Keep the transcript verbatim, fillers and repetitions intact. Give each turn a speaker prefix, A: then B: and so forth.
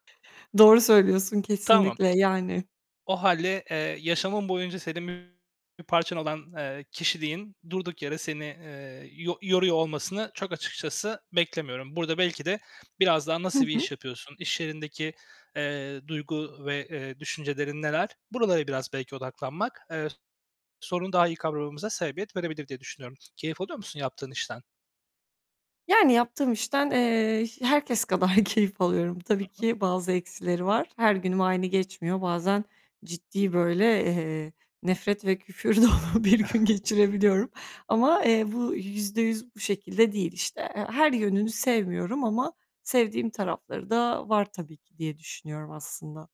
A: Doğru söylüyorsun
B: Tamam.
A: kesinlikle, yani.
B: O hâlde, eee, yaşamın boyunca senin bir parçan olan, eee, kişiliğin durduk yere seni, eee, yo yoruyor olmasını çok açıkçası beklemiyorum. Burada belki de biraz daha
A: Hı
B: nasıl bir
A: hı.
B: iş yapıyorsun? İş yerindeki, eee, duygu ve, eee, düşüncelerin neler? Buralara biraz belki odaklanmak, eee, sorunu daha iyi kavramamıza sebebiyet verebilir diye düşünüyorum. Keyif alıyor musun yaptığın işten?
A: Yani yaptığım işten, eee, herkes kadar keyif alıyorum. Tabii
B: Hı hı.
A: ki bazı eksileri var. Her günüm aynı geçmiyor. Bazen ciddi böyle, eee, nefret ve küfür dolu bir gün geçirebiliyorum. Ama, eee, bu yüzde yüz bu şekilde değil, işte. He her yönünü sevmiyorum ama sevdiğim tarafları da var tabii ki diye düşünüyorum aslında.